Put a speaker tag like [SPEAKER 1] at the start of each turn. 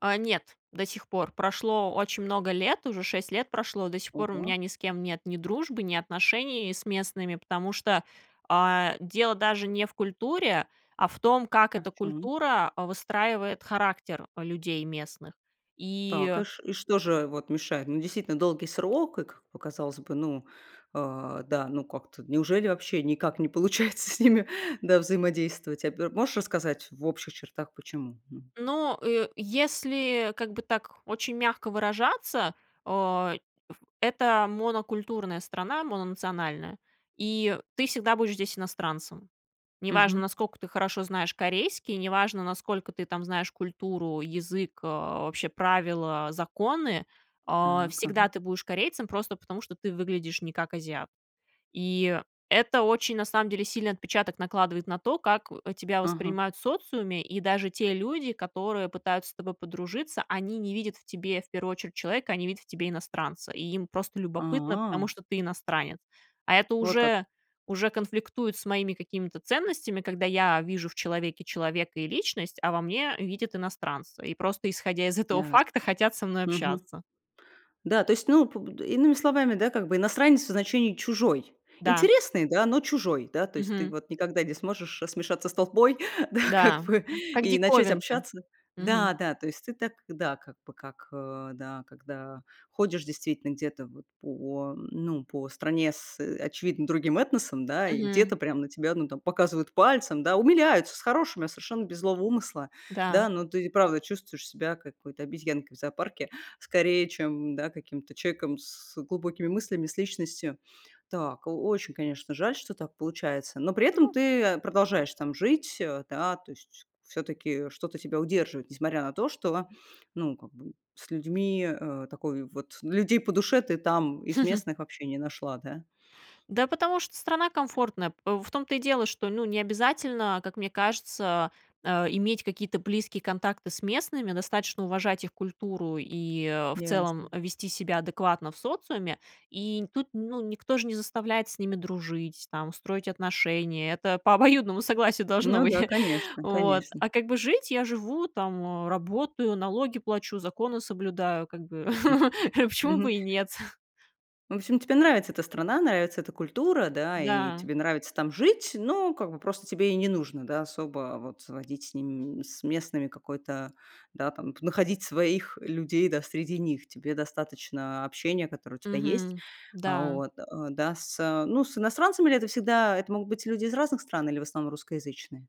[SPEAKER 1] А. Нет, до сих пор. Прошло очень много лет, уже 6 лет прошло. До сих пор у
[SPEAKER 2] Ого.
[SPEAKER 1] меня ни с кем нет ни дружбы, ни отношений с местными, потому что, а, дело даже не в культуре, а в том, как
[SPEAKER 2] А в
[SPEAKER 1] эта
[SPEAKER 2] чём?
[SPEAKER 1] культура выстраивает характер, э, людей местных.
[SPEAKER 2] Так
[SPEAKER 1] И
[SPEAKER 2] и ш м, что же вот мешает? Ну, действительно долгий срок, и, как показалось бы, ну, э, да, ну, как-то неужели вообще никак не получается с ними, да, взаимодействовать а, б м. Можешь рассказать в общих чертах, почему? Мгм.
[SPEAKER 1] Но, э, если, как бы, так очень мягко выражаться, эм, это монокультурная страна, мононациональная, и ты всегда будешь здесь иностранцем. Неважно,
[SPEAKER 2] Мгм.
[SPEAKER 1] наскока ты хорошо знаешь корейский, неважно, насколько ты там знаешь культуру, язык, э, вообще правила, законы. Э,
[SPEAKER 2] Так. Ага.
[SPEAKER 1] всегда ты будешь корейцем просто потому, что ты выглядишь не как азиат. И это очень, на самом деле, сильный отпечаток накладывает на то, как тебя
[SPEAKER 2] Ага.
[SPEAKER 1] воспринимают в социуме. И даже те люди, которые пытаются с тобой подружиться, они не видят в тебе в первую очередь человека, они видят в тебе иностранца. И им просто любопытно, потому
[SPEAKER 2] А.
[SPEAKER 1] что ты иностранец. А это
[SPEAKER 2] Вот как.
[SPEAKER 1] уже уже конфликтует с моими какими-то ценностями, когда я вижу в человеке человека и личность, а во мне видят иностранца и просто исходя из этого
[SPEAKER 2] Ясно.
[SPEAKER 1] факта хотят со мной
[SPEAKER 2] Мгм.
[SPEAKER 1] общаться.
[SPEAKER 2] Да, то есть, ну, п м, иными словами, да, как бы иностранец в значении чужой.
[SPEAKER 1] Да.
[SPEAKER 2] Интересный, да, но чужой, да, то есть ты
[SPEAKER 1] Мгм.
[SPEAKER 2] вот никогда не сможешь смешаться с толпой, да, как
[SPEAKER 1] Да,
[SPEAKER 2] бы
[SPEAKER 1] как
[SPEAKER 2] и начать
[SPEAKER 1] диковинка.
[SPEAKER 2] общаться.
[SPEAKER 1] Мгм.
[SPEAKER 2] Да, да, то есть ты так, да, как бы, как ы м, да, когда ходишь действительно где-то вот по, ну, по стране с, э, очевидно другим этносом, да, и
[SPEAKER 1] Мгм.
[SPEAKER 2] где-то прям на тебя там, ну, показывают пальцем, да, умиляются с хорошими, а, совершенно без злого умысла.
[SPEAKER 1] Да.
[SPEAKER 2] Да, но ты и правда чувствуешь себя какой-то обезьянкой в зоопарке скорее, чем, да, каким-то человеком с глубокими мыслями, с личностью. Так, о очень, конечно, жаль, что так получается, но при этом
[SPEAKER 1] Ну
[SPEAKER 2] ты, э, продолжаешь там жить, э, да, то есть всё-таки что-то тебя удерживает, несмотря на то, что, ну как бы, с людьми, э, такой, вот людей по душе ты там из местных вообще не нашла, да?
[SPEAKER 1] Да потому что страна комфортная. П м, в том-то и дело, что, ну, не обязательно, как мне кажется, э, иметь какие-то близкие контакты с местными, достаточно уважать их культуру и, э, в целом
[SPEAKER 2] Ясно.
[SPEAKER 1] вести себя адекватно в социуме. И тут, ну, никто же не заставляет с ними дружить, там, строить отношения. Это по обоюдному согласию должно
[SPEAKER 2] Ну
[SPEAKER 1] быть.
[SPEAKER 2] да, конечно
[SPEAKER 1] Вот,
[SPEAKER 2] конечно.
[SPEAKER 1] а как бы жить я живу, там, работаю, налоги плачу, законы соблюдаю, как бы, почему
[SPEAKER 2] Мгм.
[SPEAKER 1] бы и нет?
[SPEAKER 2] В общем, тебе нравится эта страна, нравится эта культура, да, и
[SPEAKER 1] Да.
[SPEAKER 2] тебе нравится там жить, но как бы просто тебе и не нужно, да, особо вот водить с ними, с м местными какой-то, да, там находить своих людей, да, среди них. Тебе достаточно общения, которое у тебя есть.
[SPEAKER 1] Мгм. Да.
[SPEAKER 2] Вот. Э, да с эм Ну, с иностранцами ли это всегда? Это могут быть люди из разных стран или в основном русскоязычные?